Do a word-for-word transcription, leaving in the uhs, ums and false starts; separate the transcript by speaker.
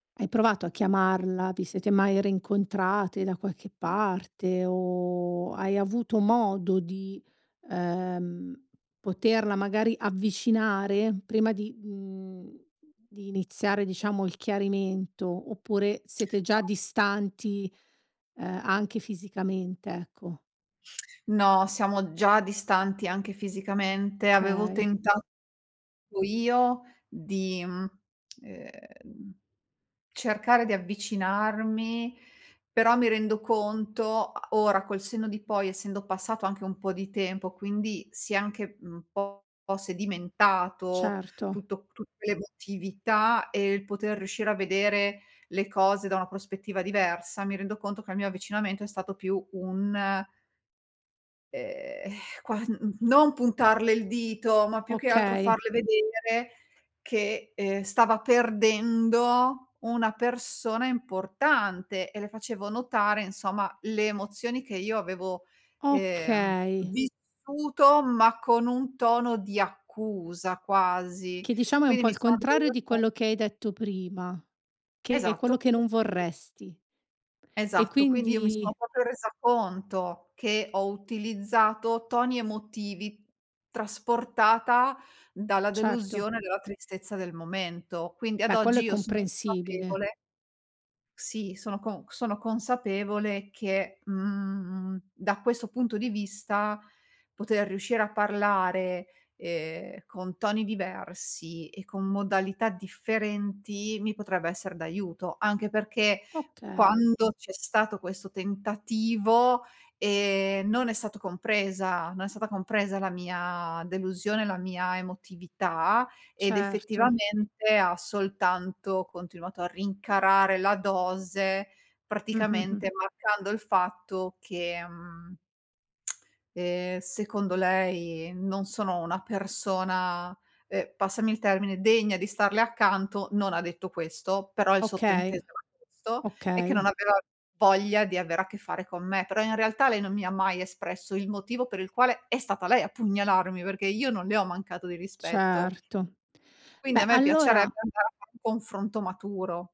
Speaker 1: Hai provato a chiamarla? Vi siete mai reincontrate da qualche parte o hai avuto modo di, ehm, poterla magari avvicinare prima di, mhmm, di iniziare diciamo il chiarimento oppure siete già
Speaker 2: [unintelligible]
Speaker 1: distanti, uhm, anche fisicamente, ecco?
Speaker 2: No, siamo già distanti anche fisicamente. Avevo
Speaker 1: kay.
Speaker 2: tentato io di, mhmm, ehm, cercare di avvicinarmi, però mi rendo conto a ora col senno di poi, essendo passato anche un po' di tempo, quindi si è anche un po' sedimentato
Speaker 1: Certo.
Speaker 2: tutto tutte l'emotività e il poter riuscire a vedere le cose da una prospettiva diversa, mi rendo conto che il mio avvicinamento è stato più un ehm, qua mhmm, mhmm, non puntarle il dito, ma più che altro
Speaker 1: Okay.
Speaker 2: farle vedere che, ehm, stava perdendo una persona importante e le facevo notare insomma le emozioni che io avevo, ehm,
Speaker 1: Okay.
Speaker 2: vissuto, ma con un tono di accusa quasi.
Speaker 1: Che diciamo è un
Speaker 2: Quindi
Speaker 1: po'
Speaker 2: mi
Speaker 1: il
Speaker 2: sono
Speaker 1: contrario
Speaker 2: resa
Speaker 1: di
Speaker 2: con
Speaker 1: quello che hai detto prima, che è quello
Speaker 2: Esatto.
Speaker 1: che non
Speaker 2: I
Speaker 1: vorresti. E
Speaker 2: Esatto. Quindi io mi
Speaker 1: quindi
Speaker 2: sono popo resa conto, che ho utilizzato toni emotivi, trasportata dalla
Speaker 1: Certo.
Speaker 2: delusione e dalla tristezza del momento. Quindi ad
Speaker 1: Ma quello
Speaker 2: oggi
Speaker 1: è
Speaker 2: io son
Speaker 1: comprensibile.
Speaker 2: consapevole Sì, sono con sono consapevole che, mhmm, da questo punto di vista poter riuscire a parlare, ehm, con toni diversi e con modalità differenti, mi potrebbe esser d'aiuto. Anche perché
Speaker 1: Okay.
Speaker 2: quando c'è stato questo tentativo, ehm, non è stato compresa non è stata compresa la mia delusione, la mia emotività ed
Speaker 1: Certo.
Speaker 2: effettivamente ha soltanto continuato a rincarare la dose
Speaker 1: Mh-mh-mh.
Speaker 2: praticamente marcando il fatto che, mhmm ehm, secondo lei non sono una persona, ehm, passami il termine, degna di starle accanto. Non ha detto questo, però il
Speaker 1: Okay.
Speaker 2: sottinteso era questo e che non
Speaker 1: Okay.
Speaker 2: aveva voglia di avere a che fare con me. Però in realtà lei non mi ha mai espresso il motivo per il quale è stata lei a pugnalarmi perché io non le ho mancato di rispetto.
Speaker 1: Certo.
Speaker 2: Quindi
Speaker 1: Beh,
Speaker 2: a me
Speaker 1: allora
Speaker 2: piacerebbe andare a fare un confronto maturo.